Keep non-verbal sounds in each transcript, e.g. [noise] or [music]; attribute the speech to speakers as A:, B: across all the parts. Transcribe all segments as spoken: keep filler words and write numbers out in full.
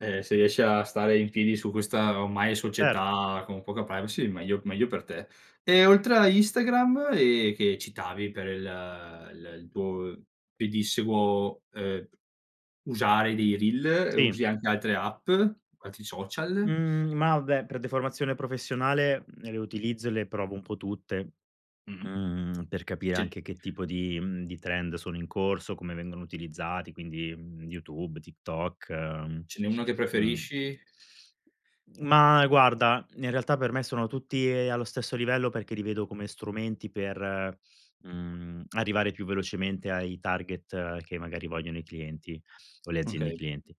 A: Eh, se riesci a stare in piedi su questa ormai
B: Certo.
A: società con poca privacy, meglio meglio per te. E oltre a Instagram e che citavi per il il il tuo pedissequo, uhm, usare dei reel,
B: Sì.
A: usi anche altre app, altri social?
B: Mhmm, ma vabbè, per deformazione professionale le utilizzo e le provo un po' tutte,
A: Mh-mh.
B: mhmm, per capire
A: Ce
B: anche che tipo di, mhmm, di trend sono in corso, come vengono utilizzati, quindi, mhmm, YouTube, TikTok, ehm,
A: Ce n'è uno che
B: mhmm.
A: preferisci?
B: Ma guarda, in realtà per me sono tutti e allo stesso livello perché li vedo come strumenti per, mhmm, arrivare più velocemente ai target che magari vogliono i clienti o le aziende
A: Okay.
B: clienti.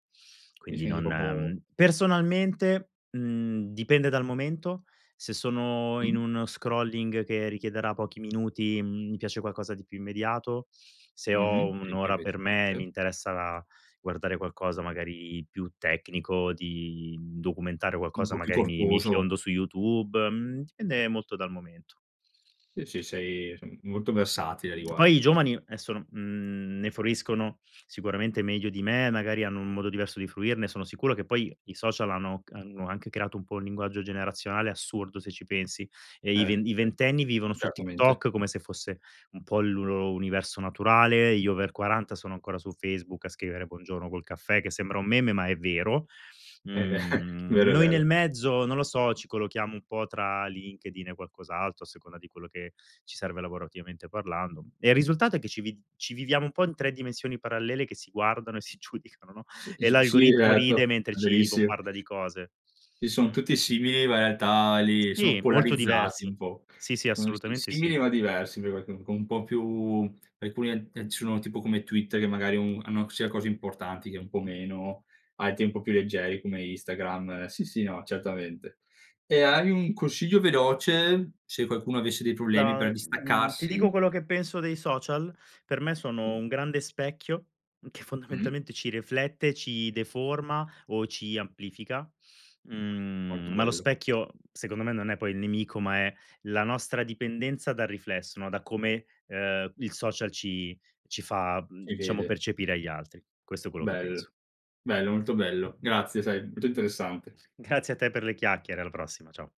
A: Ti
B: Quindi
A: senti
B: non,
A: propo
B: ehm, personalmente, mhmm, dipende dal momento, se sono in
A: Mh.
B: un scrolling che richiederà pochi minuti, mhmm, mi piace qualcosa di più immediato, se ho
A: Mh-mh.
B: un
A: E qui
B: ora
A: invece
B: per me e mi
A: [unintelligible]
B: interessa guardare qualcosa magari più tecnico, di documentare
A: Un
B: qualcosa,
A: po' più
B: magari mi mi
A: corposo.
B: fiondo su YouTube, mhmm, dipende
A: Okay.
B: molto dal momento.
A: Sì, sì, sei s molto versatile a
B: Poi i
A: riguardo.
B: giovani adesso, n mhmm, ne fruiscono sicuramente meglio di me, magari hanno un modo diverso di fruirne, sono sicuro che poi i social hanno hanno anche creato un po' un linguaggio generazionale assurdo, se ci pensi. E i ve
A: Eh,
B: i
A: certo.
B: ventenni vivono su
A: Certamente.
B: TikTok come se fosse un po' il loro universo naturale, gli over quaranta sono ancora su Facebook a scrivere buongiorno col caffè che sembra un meme, ma è vero.
A: Eh ve [chuckles]
B: Mhmm,
A: vero, è
B: noi nel
A: vero.
B: mezzo non lo so, ci collochiamo un po' tra LinkedIn e qualcos'altro a seconda di quello che ci serve lavorativamente parlando. E il risultato è che ci vi ci viviamo un po' in tre dimensioni parallele che si guardano e si giudicano, no,
A: S
B: e
A: s sì,
B: l'algoritmo
A: esatto,
B: ride mentre
A: è
B: ci
A: verissimo.
B: bombarda di cose.
A: Sì, son
B: Mh.
A: tutti simili, ma in realtà lì sono
B: Sì, molto
A: polarizzati
B: diversi.
A: un po'.
B: Sì, sì.
A: Sono si
B: Assolutamente
A: simili
B: sì.
A: ma diversi, [unintelligible] con un po' più alcuni ad eh, sono tipo come Twitter, che magari un hanno sia cose importanti che un po' meno, hai tempo più leggeri come Instagram. Sì, sì, no, certamente. E hai un consiglio veloce se qualcuno avesse dei problemi
B: Da,
A: per
B: mhmm, ti dico
A: distaccarsi?
B: quello che penso dei social? Per me sono un grande specchio che
A: Mh-mh.
B: fondamentalmente ci riflette e ci deforma o ci amplifica,
A: Molto
B: mhmm, ma lo
A: bello.
B: specchio secondo me non è poi il nemico, ma è la nostra dipendenza dal riflesso, no, da come, ehm, il social ci ci fa,
A: Si
B: mhmm, diciamo,
A: vede.
B: percepire agli altri. Questo è quello che penso.
A: Bello, bello, molto bello. Grazie, sai molto interessante.
B: Grazie a te per le chiacchiere, alla prossima. Ciao.